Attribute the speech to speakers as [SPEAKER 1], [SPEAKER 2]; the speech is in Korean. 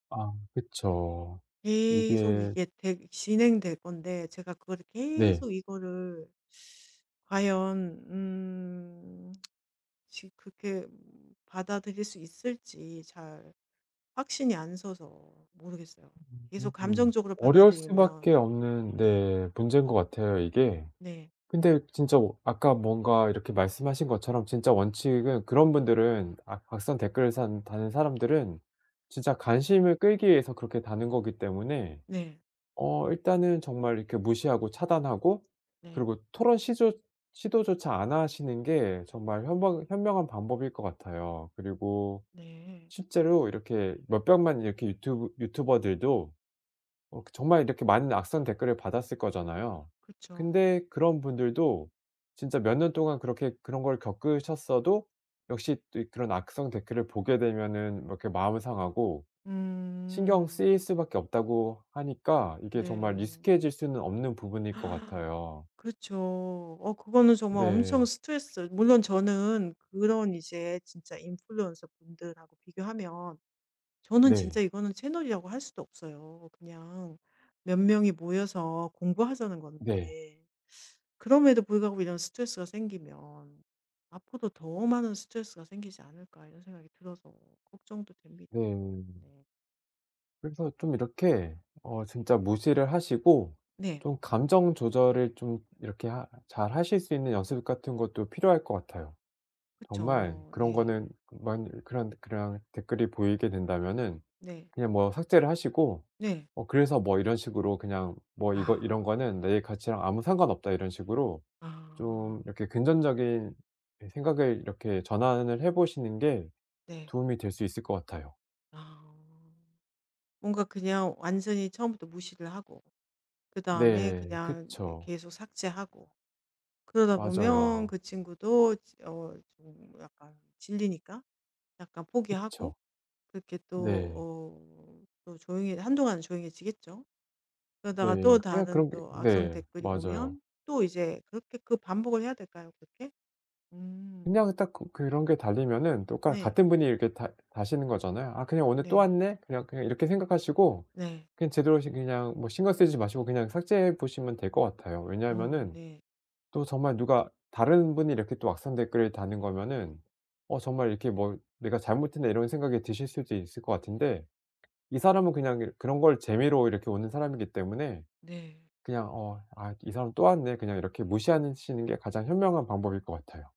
[SPEAKER 1] 아 그쵸.
[SPEAKER 2] 계속
[SPEAKER 1] 이게
[SPEAKER 2] 이게 되 진행될 건데 제가 그거를
[SPEAKER 1] 네.
[SPEAKER 2] 계속 이거를 과연 음 지 그렇게 받아들일 수 있을지 잘 확신이 안 서서 모르겠어요. 계속
[SPEAKER 1] 음.
[SPEAKER 2] 감정적으로
[SPEAKER 1] 어려울 수밖에
[SPEAKER 2] 받아들이면
[SPEAKER 1] 없는
[SPEAKER 2] 네.
[SPEAKER 1] 네 문제인 것 같아요 이게.
[SPEAKER 2] 네.
[SPEAKER 1] 근데 진짜 아까 뭔가 이렇게 말씀하신 것처럼 진짜 원칙은 그런 분들은 악 악성 댓글을 사는 다는 사람들은 진짜 관심을 끌기 위해서 그렇게 다는 거기 때문에
[SPEAKER 2] 네.
[SPEAKER 1] 어 일단은 정말 이렇게 무시하고 차단하고
[SPEAKER 2] 네.
[SPEAKER 1] 그리고 토론 시조 시도조차 안 하시는 게 정말 현명 현명한 방법일 것 같아요. 그리고
[SPEAKER 2] 네.
[SPEAKER 1] 실제로 이렇게 몇백만 이렇게 유튜브 유튜버들도 어 정말 이렇게 많은 악성 댓글을 받았을 거잖아요.
[SPEAKER 2] 그쵸.
[SPEAKER 1] 근데 그런 분들도 진짜 몇 년 동안 그렇게 그런 걸 겪으셨어도 역시 또 그런 악성 댓글을 보게 되면은 이렇게 마음은 상하고 신경
[SPEAKER 2] 음.
[SPEAKER 1] 쓰일 수밖에 없다고 하니까 이게 정말
[SPEAKER 2] 네.
[SPEAKER 1] 익숙해질 수는 없는 부분일 것 같아요.
[SPEAKER 2] 그쵸. 어 그거는 정말 엄청
[SPEAKER 1] 네.
[SPEAKER 2] 스트레스 물론 저는 그런 이제 진짜 인플루언서분들하고 비교하면 저는 진짜
[SPEAKER 1] 네.
[SPEAKER 2] 이거는 채널이라고 할 수도 없어요. '그냥 몇 명이 모여서 공부하자는
[SPEAKER 1] 네.
[SPEAKER 2] 건데 그럼에도 불구하고 이런 스트레스가 생기면 앞으로도 더 많은 스트레스가 생기지 않을까.' 이런 생각이 들어서 걱정도 됩니다.
[SPEAKER 1] 네.
[SPEAKER 2] 네.
[SPEAKER 1] 그래서 좀 이렇게 어 진짜 무시를 하시고
[SPEAKER 2] 네.
[SPEAKER 1] 좀 감정 조절을 좀 이렇게 하 잘 하실 수 있는 연습 같은 것도 필요할 것 같아요. 정말
[SPEAKER 2] 그쵸.
[SPEAKER 1] 그런
[SPEAKER 2] 네.
[SPEAKER 1] 거는 그만 그런 그런 댓글이 보이게 된다면은
[SPEAKER 2] 네.
[SPEAKER 1] 그냥 뭐 삭제를 하시고
[SPEAKER 2] 네.
[SPEAKER 1] '뭐 그래서 뭐.' 이런 식으로 그냥 '뭐 이거
[SPEAKER 2] 아.
[SPEAKER 1] 이런 거는 내 가치랑 아무 상관없다.' 이런 식으로
[SPEAKER 2] 아.
[SPEAKER 1] 좀 이렇게 긍전적인 생각을 이렇게 전환을 해 보시는 게
[SPEAKER 2] 네.
[SPEAKER 1] 도움이 될 수 있을 것 같아요.
[SPEAKER 2] 아. 뭔가 그냥 완전히 처음부터 무시를 하고 그다음에
[SPEAKER 1] 네
[SPEAKER 2] 그냥 네
[SPEAKER 1] 그쵸.
[SPEAKER 2] 계속 삭제하고 그러다 보면
[SPEAKER 1] 맞아요.
[SPEAKER 2] 그 친구도 어 좀 약간 질리니까 약간 포기하고
[SPEAKER 1] 그쵸.
[SPEAKER 2] 그렇게 또
[SPEAKER 1] 네.
[SPEAKER 2] 어 또 조용해 한동안은 조용해지겠죠. 그러다가
[SPEAKER 1] 네.
[SPEAKER 2] 또
[SPEAKER 1] 그냥
[SPEAKER 2] 다른
[SPEAKER 1] 그런 게
[SPEAKER 2] 또 악성
[SPEAKER 1] 네
[SPEAKER 2] 댓글이
[SPEAKER 1] 맞아요.
[SPEAKER 2] 오면 또 이제 그렇게 그 반복을 해야 될까요 그렇게? 음.
[SPEAKER 1] 그냥 딱 그 그런 게 달리면은 또 가
[SPEAKER 2] 네.
[SPEAKER 1] 같은 분이 이렇게 다 다시는 거잖아요. '아 그냥 오늘 또
[SPEAKER 2] 네.
[SPEAKER 1] 왔네.' 그냥 그냥 이렇게 생각하시고
[SPEAKER 2] 네.
[SPEAKER 1] 그냥 제대로 저 그냥 뭐 신경 쓰지 마시고 그냥 삭제해 보시면 될 것 같아요.
[SPEAKER 2] 어
[SPEAKER 1] 왜냐하면은
[SPEAKER 2] 네.
[SPEAKER 1] 또 정말 누가 다른 분이 이렇게 또 악성 댓글을 다는 거면은 '어 정말 이렇게 뭐 내가 잘못했나.' 이런 생각이 드실 수도 있을 거 같은데 이 사람은 그냥 이 그런 걸 재미로 이렇게 오는 사람이기 때문에
[SPEAKER 2] 네.
[SPEAKER 1] 그냥 어 '아 이 사람 또 왔네.' 그냥 이렇게 무시하는 시는 게 가장 현명한 방법일 것 같아요.